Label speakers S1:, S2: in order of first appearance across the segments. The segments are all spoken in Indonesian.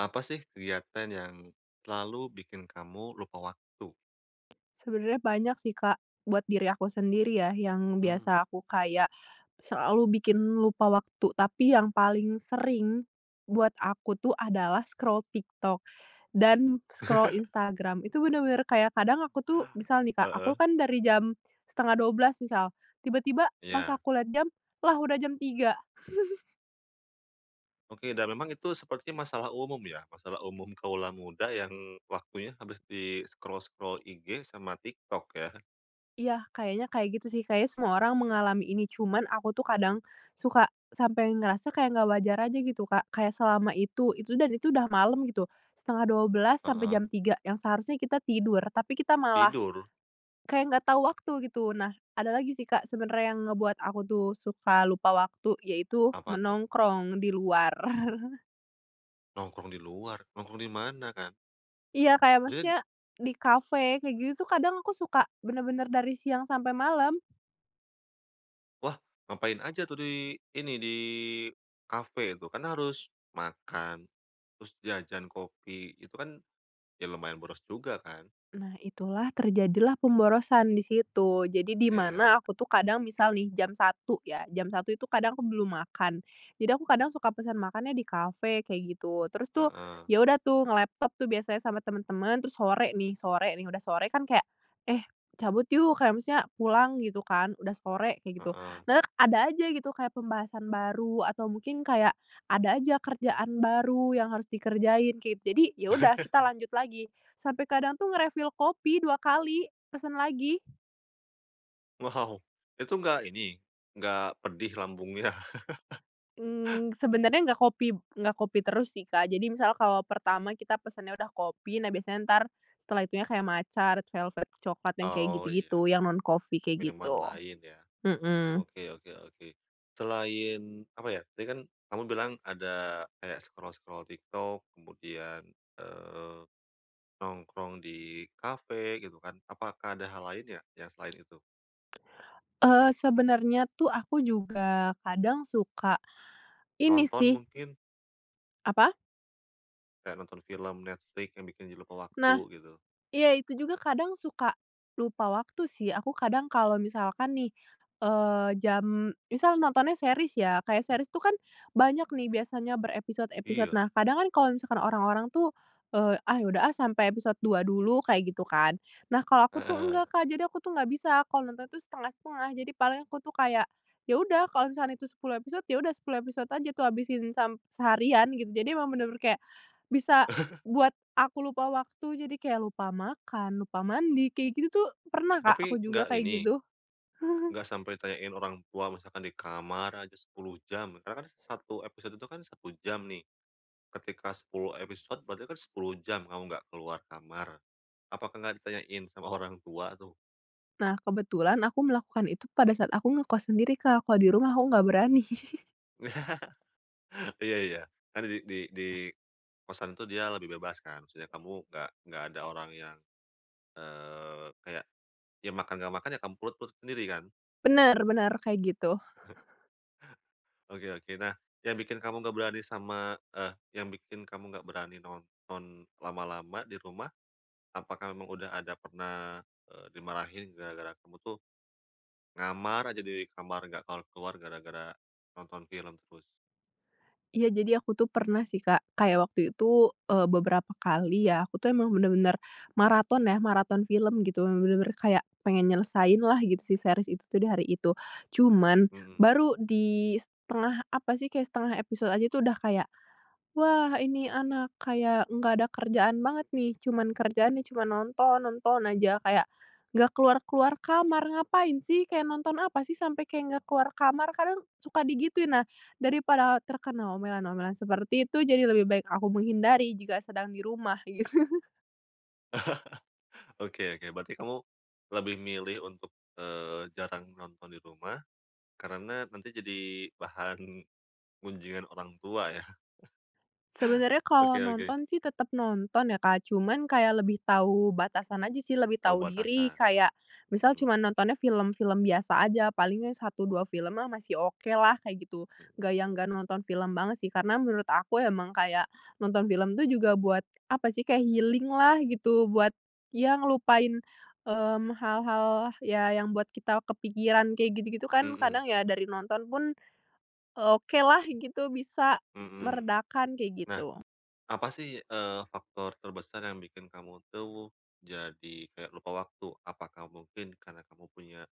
S1: Apa sih, kegiatan yang, selalu bikin kamu lupa waktu?
S2: Sebenarnya banyak sih, Kak. Buat diri aku sendiri, ya, yang
S1: Mmm.
S2: biasa aku kayak, selalu bikin lupa waktu, tapi yang paling sering, buat aku tuh adalah scroll TikTok, dan scroll Instagram. Itu bener-bener kayak, kadang aku tuh misal nih, Kak. Aku
S1: Heeh.
S2: kan dari jam 11.30, misal. Tiba-tiba, pas
S1: Iya.
S2: aku liat jam, "Lah, udah jam 3.00.".
S1: Oke, dan memang itu seperti masalah umum, ya? Masalah umum kawula muda, yang, waktunya habis di scroll-scroll IG sama TikTok, ya?
S2: Iya, kayaknya kayak gitu, sih. Kayaknya semua orang mengalami ini. Cuman, aku tuh kadang, suka sampai ngerasa kayak nggak wajar aja, gitu, Kak. Kayak selama itu itu dan itu udah malem, gitu. 11.30 sampe
S1: Heeh.
S2: jam 3, yang seharusnya kita tidur. Tapi kita malah,
S1: Tidur?
S2: kayak nggak tahu waktu, gitu. Nah, ada lagi sih, Kak, sebenernya yang ngebuat aku tuh, suka lupa waktu. Yaitu,
S1: Apa, tuh?
S2: menongkrong di luar.
S1: Nongkrong di luar? Nongkrong di mana, Kak?
S2: Iya, kayak
S1: Maksudnya d
S2: maksudnya, di kafe, kayak gitu tuh, kadang, aku suka benar-benar dari siang sampai malam.
S1: Wah, ngapain aja tuh, di ini, di kafe, tuh? Kan harus makan, terus jajan, kopi. Itu kan, ya lumayan boros juga, kan?
S2: Nah, itulah, terjadilah pemborosan di situ. Jadi, di mana,
S1: Iya.
S2: aku tuh kadang, misal nih, jam 1.00 ya, jam 1.00 itu kadang aku belum makan. Jadi aku kadang suka pesan makannya di kafe, kayak gitu. Terus tuh,
S1: Heeh.
S2: ya udah tuh, ngelaptop tuh, biasanya sama teman-teman, terus sore nih. Sore nih, udah sore, kan kayak, "Eh, cabut yuk!" kayak maksudnya, "Pulang," gitu, kan, "udah sore," kayak gitu.
S1: Heeh.
S2: Nah et ada aja, gitu, kayak pembahasan baru, atau mungkin kayak, ada aja kerjaan baru yang harus dikerjain, kayak gitu. Jadi, ya udah, kita lanjut lagi. Sampe kadang tuh nge-refill kopi 2 kali, pesen lagi.
S1: Wow! Itu nggak, ini? Nggak pedih, lambungnya?
S2: Mmm, sebenernya nggak kopi nggak kopi terus sih, Kak. Jadi misal, kalau pertama kita pesennya udah kopi, nah biasanya, entar, setelah itunya kaya matcha, red velvet cokelat yang kaya
S1: Oh, iya.
S2: gitu-gitu, yang non-coffee kaya
S1: Minuman
S2: gitu.
S1: lain, ya?
S2: Mhm.
S1: Oke oke oke. Selain, apa ya, tadi kan, kamu bilang ada, kayak scroll-scroll TikTok, kemudian, eee, nongkrong di kafe, gitu kan. Apakah ada hal lainnya, yang selain itu?
S2: Eee, sebenernya tuh, aku juga, kadang suka ini,
S1: Nonton,
S2: sih.
S1: mungkin?
S2: Apa?
S1: Kayak nonton film Netflix, yang bikin jadi lupa
S2: Nah,
S1: waktu, gitu.
S2: iya. Itu juga kadang suka lupa waktu, sih. Aku kadang, kalo misalkan nih, eee, jam misal nontonnya series, ya. Kayak series tuh kan, banyak nih, biasanya berepisod-episod.
S1: Iya.
S2: Nah, kadang kan, kalo misalkan orang-orang tuh, eee, "Ah, ya udah ah, sampe episod 2 dulu," kayak gitu, kan? Nah, kalo aku tuh
S1: Heeh.
S2: enggak, Kak. Jadi aku tuh nggak bisa, kalo nonton itu setengah-setengah. Jadi paling aku tuh, kayak, ya udah kalo misalkan itu 10 episod, ya udah 10 episod aja tuh, habisin, sam seharian, gitu. Jadi, emang bener-bener kayak, bisa buat aku lupa waktu, jadi kayak lupa makan, lupa mandi, kayak gitu tuh, pernah, Kak, aku
S1: Tapi,
S2: juga,
S1: nggak
S2: kayak
S1: ini,
S2: gitu.
S1: nggak sampai ditanyain orang tua, misalkan di kamar aja, 10 jam, ya. Karena kan, 1 episod itu kan, 1 jam, nih. Ketika 10 episod, berarti kan, 10 jam, kamu nggak keluar kamar. Apakah nggak ditanyain, sama orang tua, tuh?
S2: Nah, kebetulan, aku melakukan itu pada saat aku ngekos sendiri, Kak. Kalau di rumah, aku nggak berani.
S1: Iya iya. Karena di di di kosan tuh, dia itu lebih bebas, kan? Maksudnya, kamu nggak nggak ada orang yang, eee, kayak, ya makan nggak makan, ya kam perut perut sendiri, kan?
S2: Bener bener, kayak gitu.
S1: Oke oke. Nah, yang bikin kamu nggak berani sama eh, yang bikin kamu nggak berani nonton lama-lama, di rumah, apakah memang udah ada pernah, eee, dimarahin gara-gara kamu tuh, ngamar aja, di di kamar, nggak keluar-keluar gara-gara nonton film terus?
S2: Iya, jadi aku tuh, pernah sih, Kak. Kayak waktu itu, eee, beberapa kali ya, aku tuh, emang bener-bener maraton ya, maraton film, gitu. Emang bener-bener kayak pengen nyelesainlah gitu si series itu tuh di hari itu. Cuman,
S1: Mhm.
S2: baru di, 1/2 apa sih, kayak 1/2 episod aja tuh, udah kayak, "Wah, ini anak, kayak enggak ada kerjaan banget, nih. Cuman kerjaannya cuma nonton, nonton aja," kayak, "enggak keluar-keluar kamar, ngapain sih?" kayak, "Nonton apa sih, sampai," kayak, "nggak keluar kamar?" Kadang, suka digituin. Nah, daripada terkena omelan-omelan seperti itu, jadi lebih baik aku menghindari, jika sedang di rumah, gitu.
S1: Oke oke. Berarti kamu, lebih milih untuk, eee, jarang nonton di rumah, karena, nanti jadi bahan gunjingan orang tua, ya?
S2: Sebenernya,
S1: Oke
S2: kalo
S1: oke.
S2: nonton sih, tetep nonton ya, Kak. Cuman, kayak lebih tau batasan aja sih, lebih
S1: Tahu
S2: tau diri.
S1: batasan,
S2: Kayak, misal
S1: mhm.
S2: cuma nontonnya film-film biasa aja, paling ya 1, 2 film mah masih okelah, kayak gitu.
S1: Mhm.
S2: Nggak yang nggak nonton film banget, sih. Karena, menurut aku emang kayak, nonton film tuh juga buat, apa sih, kayak healing-lah, gitu. Buat, ya ngelupain, mmm, hal-hal, ya, yang buat kita kepikiran kayak gitu-gitu, kan,
S1: Mhm.
S2: kadang ya dari nonton pun, eee, okelah, gitu. Bisa
S1: Mhm mhm.
S2: meredakan, kayak
S1: Nah,
S2: gitu.
S1: apa sih, eee, faktor terbesar yang bikin kamu tuh, jadi kayak lupa waktu? Apakah mungkin, karena kamu punya,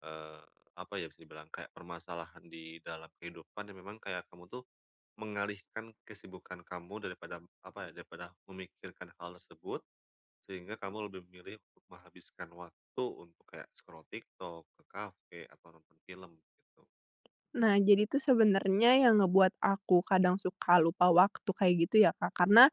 S1: eee, apa ya, bisa dibilang, kayak permasalahan di dalam kehidupan, yang memang kayak, kamu tuh, mengalihkan kesibukan kamu daripada m apa ya, daripada memikiran hal tersebut, sehingga kamu lebih memilih, menghabiskan waktu untuk, kayak scroll TikTok, ke kafe, atau nonton film, gitu.
S2: Nah, jadi tuh, sebenernya yang ngebuat aku kadang suka lupa waktu kayak gitu ya, Kak, karena,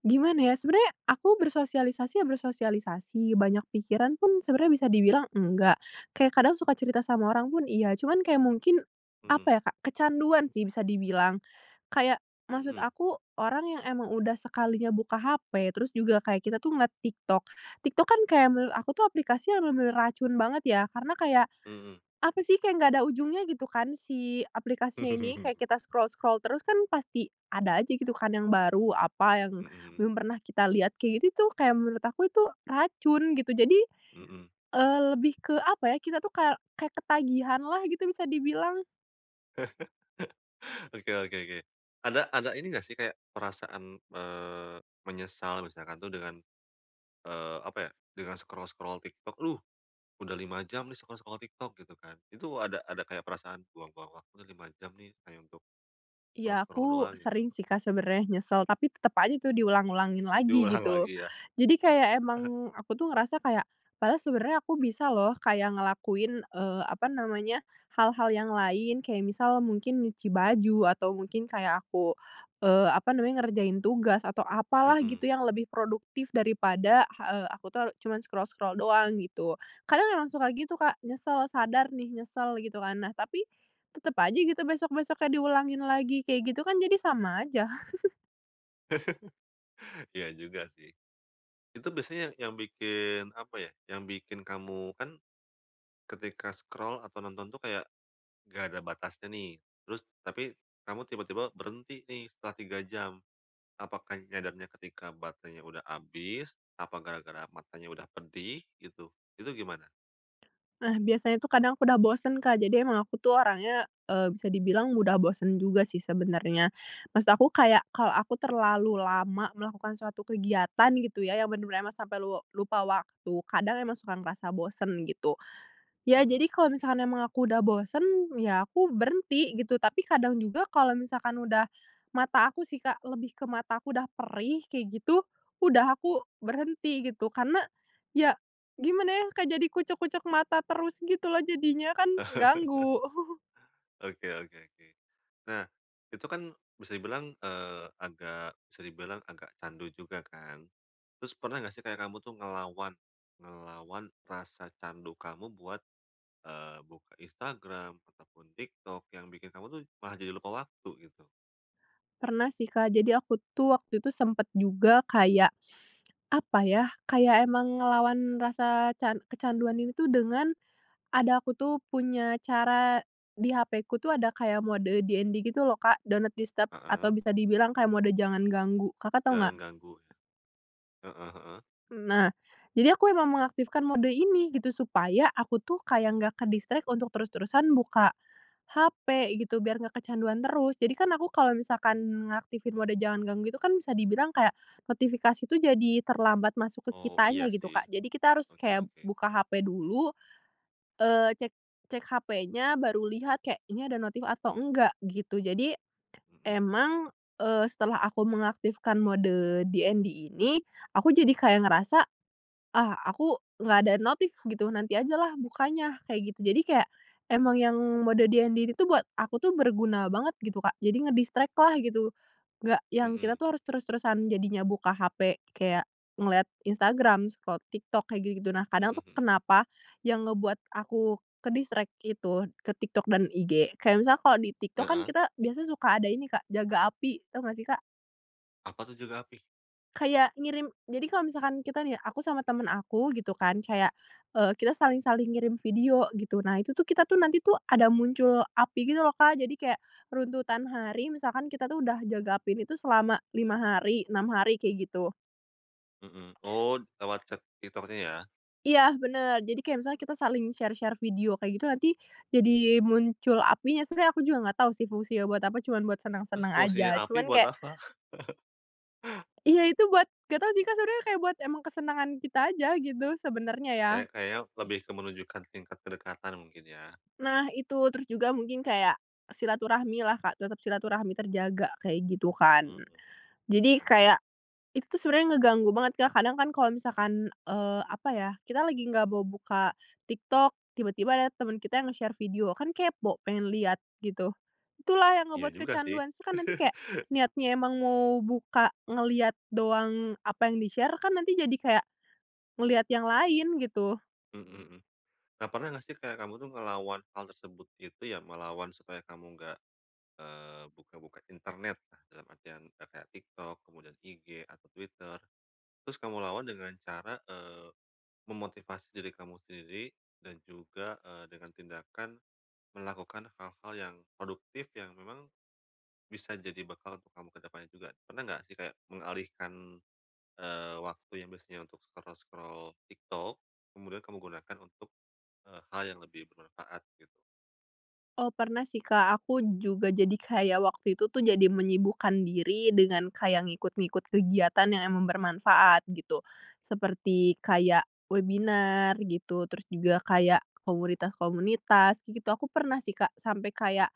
S2: gimana ya. Sebenernya, aku bersosialisasi ya bersosialisasi. Banyak pikiran pun, sebenarnya bisa dibilang enggak. Kayak, kadang suka cerita sama orang pun, iya. Cuman kayak mungkin,
S1: Mhm.
S2: apa ya, Kak, kecanduan sih, bisa dibilang. Kayak, maksud
S1: Mhm.
S2: aku, orang yang emang udah sekalinya buka hape, terus juga, kayak kita tuh, ngeliat TikTok. TikTok kan, kayak menurut aku tuh, aplikasi yang bener-bener racun banget, ya. Karena kayak,
S1: Mhm.
S2: apa sih, kayak nggak ada ujungnya, gitu kan, si aplikasinya ini. Kayak kita scroll-scroll terus, kan, pasti ada aja gitu, kan, yang baru, apa, yang
S1: Mhm mhm.
S2: belum pernah kita lihat. Kayak gitu tuh, kayak menurut aku itu racun, gitu. Jadi,
S1: Mhm.
S2: eee, lebih ke, apa ya, kita tuh ka kayak ketagihan lah, gitu, bisa dibilang.
S1: Oke oke oke. Ada ada ini nggak sih, kayak perasaan m eee, menyesal, misalkan tuh, dengan, eee, apa ya, dengan scroll-scroll TikTok, "Aduh! Udah 5 jam nih, scroll-scroll TikTok," gitu, kan. Itu, ada ada kayak perasaan, "Buang-buang waktu nih, 5 jam nih, hanya untuk
S2: Ya,
S1: scroll-scroll
S2: aku,
S1: doang," gitu.
S2: sering sih, Kak, sebenernya nyesel. Tapi, tetep aja itu diulang-ulangin lagi,
S1: Diulang
S2: gitu.
S1: lagi, ya?
S2: Jadi kayak emang, aku tuh ngerasa kayak, padahal sebenernya aku bisa loh, kayak ngelakuin, eee, apa namanya, hal-hal yang lain, kayak misal mungkin nyuci baju, atau mungkin kayak aku, eee, apa namanya, ngerjain tugas atau apalah,
S1: Mhm.
S2: gitu, yang lebih produktif. Daripada, ha eee, aku tuh a cuman scroll-scroll doang, gitu. Kadang emang suka gitu, Kak, nyesel. Sadar nih, nyesel, gitu kan. Nah, tapi, tetep aja, gitu, besok-besoknya diulangin lagi, kayak gitu. Kan, jadi sama aja.
S1: Iya juga, sih. Itu biasanya yang yang bikin, apa ya. Yang bikin kamu kan, ketika scroll atau nonton tuh kayak, nggak ada batasnya, nih. Terus, tapi, kamu tiba-tiba berhenti nih, setelah 3 jam. Apakah nyadarnya ketika baterenya udah abis, apa gara-gara matanya udah pedih, gitu? Itu gimana?
S2: Nah, biasanya tuh, kadang aku udah bosen, Kak. Jadi emang aku tuh, orangnya, eee, bisa dibilang mudah bosen juga sih, sebenernya. Maksud aku, kayak, kalau aku terlalu lama melakukan suatu kegiatan, gitu ya, yang bener-bener emang sampai lua lupa waktu, kadang emang suka ngerasa bosen, gitu. Ya,
S1: Mhm.
S2: jadi, kalau misalkan emang aku udah bosen, ya aku berhenti, gitu. Tapi kadang juga, kalau misalkan udah mata aku sih, Kak. Lebih ke mata aku udah perih, kayak gitu, udah. Aku berhenti, gitu. Karena ya, gimana ya, Kak, jadi kucek-kucek mata terus gitu loh, jadinya. Kan, ganggu.
S1: Oke oke oke. Nah, itu kan, bisa dibilang, eee, agak bisa dibilang, agak candu juga, kan? Terus, pernah nggak sih, kayak kamu tuh, ngelawan ngelawan rasa candu kamu buat, eee, buka Instagram, ataupun TikTok, yang bikin kamu tuh, malah jadi lupa waktu, gitu?
S2: Pernah sih, Kak. Jadi, aku tuh, waktu itu sempet juga kayak, apa ya, kayak emang ngelawan rasa can kecanduan ini tuh, dengan ada, aku tuh, punya cara di hapeku tuh, ada kayak mode DND gitu loh, Kak, do not disturb, atau
S1: Heeh.
S2: bisa dibilang kayak mode jangan ganggu. Kakak tahu,
S1: Jangan
S2: nggak?
S1: ganggu, ya. Heeh heeh.
S2: Nah, jadi aku emang mengaktifkan mode ini, gitu. Supaya, aku tuh, kayak nggak ke-distract, untuk terus-terusan buka hape, gitu, biar nggak kecanduan terus. Jadi kan, aku, kalau misalkan mengaktifin mode jangan ganggu itu, kan, bisa dibilang kayak, notifikasi tuh jadi, terlambat masuk ke
S1: Oh, iya
S2: kitanya, gitu,
S1: sih.
S2: Kak. Jadi kita harus
S1: Oke
S2: kayak,
S1: oke.
S2: buka hape dulu, eee, cek cek hapenya, baru lihat, kayak, "Ini ada notif atau enggak," gitu. Jadi,
S1: Mhm.
S2: emang, eee, setelah aku mengaktifkan mode DND ini, aku jadi kayak ngerasa, "Ah, aku nggak ada notif," gitu, "nanti ajalah, bukanya," kayak gitu. Jadi kayak, emang yang mode DND ini tuh, buat aku tuh, berguna banget, gitu, Kak. Jadi nge-distract lah, gitu. Nggak yang, kita
S1: Mhm.
S2: tuh harus terus-terusan, jadinya, buka hape, kayak ngeliat Instagram, scroll TikTok, kayak gitu-gitu. Nah, kadang
S1: Mhm
S2: tuh,
S1: mhm.
S2: kenapa, yang ngebuat aku ke-distract, itu, ke TikTok dan IG, kayak misalnya, kalau di TikTok, kan,
S1: Heeh.
S2: kita biasanya suka ada ini, Kak, "jaga api," tau nggak sih, Kak?
S1: Apa tuh jaga api?
S2: Kayak ngirim jadi kalau misalkan kita nih, aku sama teman aku gitu kan, kayak, eee, kita saling-saling ngirim video gitu, nah itu tuh, kita tuh, nanti tuh ada muncul api gitu loh, Kak. Jadi kayak runtutan hari, misalkan kita tuh udah jaga api ini itu selama 5 hari, 6 hari, kayak gitu.
S1: Mhm, oh lewat chat TikTok-nya ya.
S2: Iya benar, jadi kayak misalnya kita saling share-share video kayak gitu, nanti jadi muncul apinya. Sebenarnya aku juga nggak tau sih fungsinya buat apa, cuma buat
S1: Terus
S2: senang-senang
S1: fungsinya
S2: aja.
S1: api
S2: Cuma
S1: buat
S2: kayak
S1: apa?
S2: Iya itu buat nggak tau sih, Kak sebenarnya, kayak buat emang kesenangan kita aja gitu sebenarnya ya.
S1: Kayak kayaknya lebih ke menunjukkan tingkat kedekatan mungkin ya?
S2: Nah itu, terus juga mungkin kayak silaturahmi lah, Kak, tetap silaturahmi terjaga kayak gitu kan.
S1: Mhm,
S2: Jadi
S1: oke.
S2: kayak itu tuh sebenarnya ngeganggu banget, Kak. Kadang kan kalau misalkan, eee, apa ya, kita lagi nggak bau buka TikTok, tiba-tiba ada teman kita yang nge-share video, kan kepo pengen liat gitu. Itulah yang
S1: Iya
S2: ngebuat
S1: juga sih.
S2: kecanduan. Terus kan nanti kayak niatnya emang mau buka, ngeliat doang apa yang di-share, kan, nanti jadi kayak ngeliat yang lain gitu.
S1: Mhm mhm. Kak pernah nggak sih kayak kamu tuh ngelawan hal tersebut itu ya, melawan supaya kamu enggak, eee, buka-buka internet, dalam artian kayak TikTok, kemudian IG, atau Twitter. Terus kamu lawan dengan cara, eee, memotivasi diri kamu sendiri dan juga, eee, dengan tindakan melakukan hal-hal yang produktif yang memang bisa jadi bekal untuk kamu ke depannya juga? Pernah nggak sih kayak mengalihkan, eee, waktu yang biasanya untuk scroll-scroll TikTok, kemudian kamu gunakan untuk, eee, hal yang lebih bermanfaat gitu?
S2: Oh pernah sih, Kak. Aku juga jadi kayak waktu itu tuh jadi menyibukkan diri dengan kayak ngikut-ngikut kegiatan yang emang bermanfaat gitu, seperti kayak webinar gitu, terus juga kayak komunitas-komunitas gitu. Aku pernah sih, Kak, sampai kayak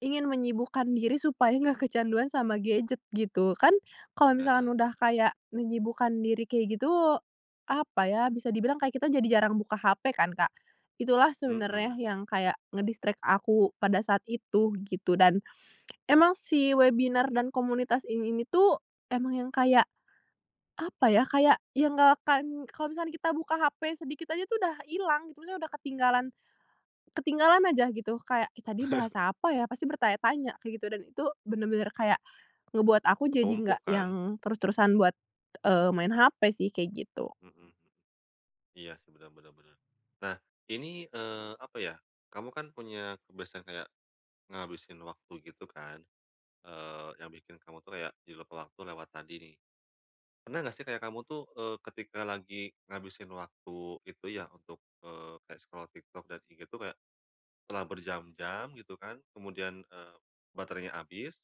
S2: ingin menyibukkan diri supaya nggak kecanduan sama gadget gitu. Kan, kalau misalkan
S1: Heeh.
S2: udah kayak menyibukkan diri kayak gitu, apa ya, bisa dibilang kayak kita jadi jarang buka HP kan, Kak. Itulah sebenarnya
S1: Mhm.
S2: yang kayak nge-distract aku pada saat itu gitu. Dan, emang sih webinar dan komunitas in ini tuh emang yang kayak, apa ya, kayak yang nggak akan kalau misalnya kita buka HP sedikit aja tuh udah hilang gitu. Misalnya udah ketinggalan ketinggalan aja gitu. Kayak, "Ih tadi bahas apa ya?" Pasti bertanya-tanya kayak gitu. Dan itu benar-benar kayak ngebuat aku jadi enggak
S1: Ketumpuk kan?
S2: yang terus-terusan buat, eee, main HP sih, kayak gitu.
S1: Mhm. Iya, sih benar benar benar. Nah ini, eee, apa ya, kamu kan punya kebiasaan kayak ngabisin waktu gitu kan, eee, yang bikin kamu tuh kayak jadi lupa waktu lewat tadi nih. Pernah nggak sih kayak kamu tuh, eee, ketika lagi ngabisin waktu itu ya, untuk, eee, kayak scroll TikTok, dan IG tuh kayak setelah berjam-jam gitu kan, kemudian, eee, baterainya habis,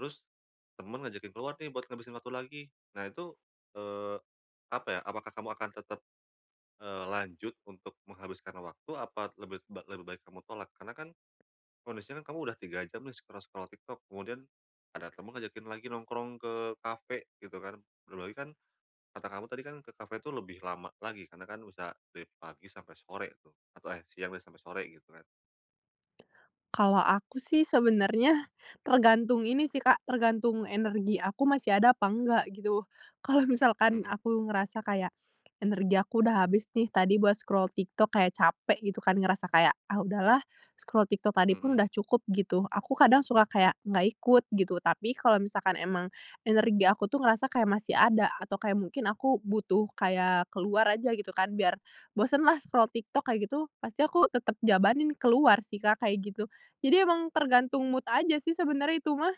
S1: terus teman ngajakin keluar nih buat ngabisin waktu lagi. Nah itu, eee, apa ya, apakah kamu akan tetap, eee, lanjut untuk menghabiskan waktu, apa lebi ba lebih baik kamu tolak? Karena kan kondisinya kamu udah 3 jam nih scroll-scroll TikTok, kemudian ada teman ngajakin lagi nongkrong ke kafe gitu kan. Belum lagi kan kata kamu tadi kan ke kafe tuh lebih lama lagi, karena kan bisa dari pagi sampai sore tuh, atau eh siang deh sampai sore gitu kan.
S2: Kalau aku sih sebenarnya tergantung ini sih, Kak, tergantung energi aku masih ada apa nggak gitu. Kalau misalkan
S1: Mhm.
S2: aku ngerasa kayak energi aku udah habis nih tadi buat scroll TikTok, kayak capek gitu kan, ngerasa kayak, “Ah udahlah, scroll TikTok tadi pun
S1: Mhm.
S2: udah cukup,” gitu. Aku kadang suka kayak nggak ikut gitu. Tapi kalau misalkan emang energi aku tuh ngerasa kayak masih ada, atau kayak mungkin aku butuh kayak keluar aja gitu kan biar bosenlah, scroll TikTok, kayak gitu, pasti aku tetap jabanin keluar sih, Kak, kayak gitu. Jadi emang tergantung mood aja sih sebenarnya itu mah.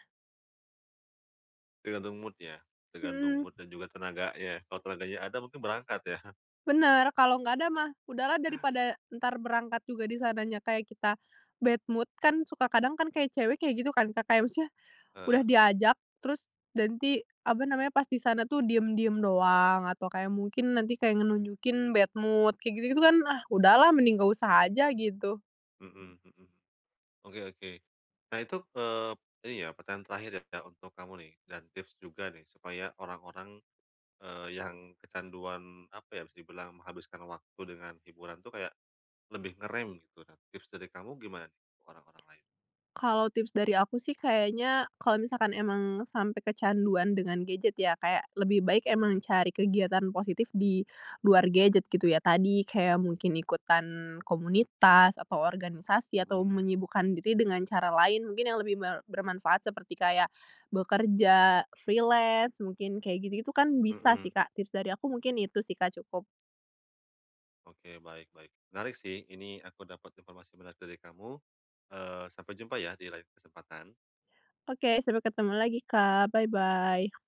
S1: Tergantung mood ya, tergantung
S2: Mhm.
S1: mood dan juga tenaganya. Ya kalau tenaganya ada, mungkin berangkat ya.
S2: Bener, kalau nggak ada mah udahlah. Daripada entar berangkat juga di sananya kayak kita bad mood kan, suka kadang kan kayak cewek kayak gitu kan, Kak. Kayak maksudnya udah
S1: Heeh.
S2: diajak, terus nanti apa namanya pas di sana tuh diam-diam doang atau kayak mungkin nanti kayak ngenunjukin bad mood kayak gitu-gitu kan. Ah udahlah, mending nggak usah aja gitu.
S1: Mhm mhm. Oke oke. Nah itu, eee, ini ya pertanyaan terakhir ya, Kak, untuk kamu nih, dan tips juga nih supaya orang-orang eee yang kecanduan apa ya, bisa dibilang menghabiskan waktu dengan hiburan tuh kayak lebih ngerem gitu. Nah tips dari kamu gimana, orang-orang lain?
S2: Kalau tips dari aku sih, kayaknya kalau misalnya emang sampai kecanduan dengan gadget ya, kayak lebih baik
S1: Mhm.
S2: emang cari kegiatan positif di luar gadget gitu ya. Tadi, kayak mungkin ikutan komunitas, atau organisasi, atau
S1: Mhm.
S2: menyibukkan diri dengan cara lain mungkin yang lebih ber bermanfaat, seperti kayak bekerja, freelance mungkin, kayak gitu-gitu kan bisa
S1: Mhm.
S2: sih, Kak. Tips dari aku mungkin itu sih, Kak, cukup.
S1: Oke, baik-baik. Menarik sih ini, aku dapat informasi menarik dari kamu. Eee, sampai jumpa ya di lain kesempatan.
S2: Oke, sampai ketemu lagi, Kak. Bye-bye.